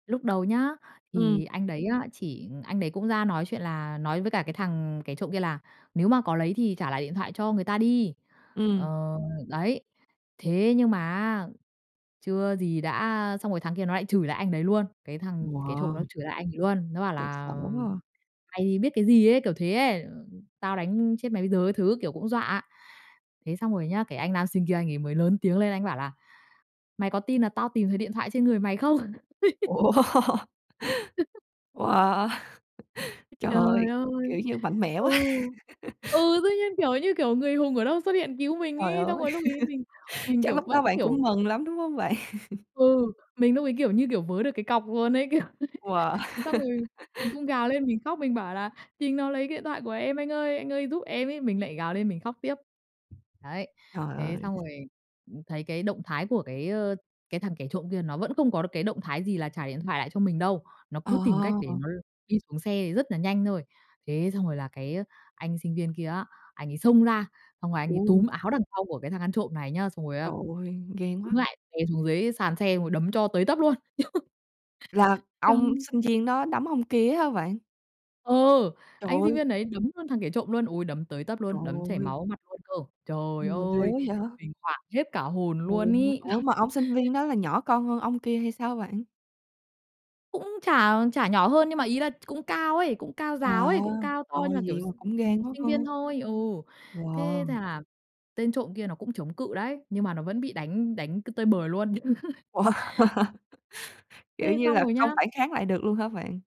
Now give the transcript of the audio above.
Lúc đầu nhá, Ừm. thì anh đấy á chỉ anh đấy cũng ra nói chuyện là nói với cả cái thằng kẻ trộm kia là "Nếu mà có lấy thì trả lại điện thoại cho người ta đi!" Ừm. Ờ, đấy. Thế nhưng mà á chưa gì đã, a xong rồi thằng kia nó lại chửi lại anh đấy luôn, cái thằng kẻ trộm nó Wow! chửi lại anh ấy luôn. Nó bảo Tại sợ là quá à. "Mày thì biết cái gì?" ấy, kiểu thế ấy, "Tao đánh chết mày bây giờ!" các thứ, kiểu cũng dọa. Thế xong rồi nhá, cái anh nam sinh kia anh ấy mới lớn tiếng lên, anh ấy bảo là "Mày có tin là tao tìm thấy điện thoại trên người mày không?" Wow, wow! Trời ơi, Trời ơi! kiểu như mạnh mẽ Ừ. quá! Ừ, tự nhiên kiểu như, kiểu, người hùng ở đâu xuất hiện cứu mình Trời ấy, xong ơi! rồi lúc ấy mình mình, Chắc kiểu, lúc vẫn, đó bạn kiểu cũng mừng lắm đúng hông bạn? Ừ, mình lúc ấy kiểu như, kiểu, vớ được cái cọc luôn ấy. Kiểu Wow! xong rồi mình cũng gào lên mình khóc, mình bảo là "Chính nó lấy điện thoại của em anh ơi! Anh ơi giúp em!" ấy, mình lại gào lên mình khóc tiếp. Đấy, Trời thế ơi! xong rồi, ừm, thấy cái động thái của cái, ơ, cái thằng kẻ trộm kia nó vẫn không có được cái động thái gì là trả điện thoại lại cho mình đâu. Nó Ờ. cứ tìm cách để nó l đi xuống xe thì rất là nhanh thôi. Thế xong rồi là cái á anh sinh viên kia á, anh ấy xông ra, xong rồi anh ấy Ồ! túm áo đằng sau của cái thằng ăn trộm này nhá, xong rồi á Trời ơi, ghê đứng quá! lại, té xuống dưới sàn xe xong rồi đấm cho tới tấp luôn. Là Trời ông ơi! sinh viên đó đấm ông kia á hả bạn? Ờ, Trời anh sinh ơi! viên ấy đấm luôn thằng kẻ trộm luôn. Ôi, đấm tới tấp Trời luôn, đấm chảy ơi! máu mặt luôn cơ. Trời Gì mà ghê ơi! quá vậy? Mình hoảng hết cả hồn Trời luôn ơi! ấy. Ủa, mà ông sinh viên đó là nhỏ con hơn ông kia hay sao hả bạn? Cũng chả chả nhỏ hơn nhưng mà ý là tr cũng cao ấy, cũng cao À! ráo ấy, cũng cao to nhưng Trời, mà kiểu vậy mà s cũng gan ừm, quá sinh ha! viên thôi. Ừ. Thế thế Wow! là tên trộm kia nó cũng chống cự đấy, nhưng mà nó vẫn bị đánh đánh c tơi bời luôn. Wow! Kiểu Thế như xong là rồi không nhá phản kháng lại được luôn hả bạn?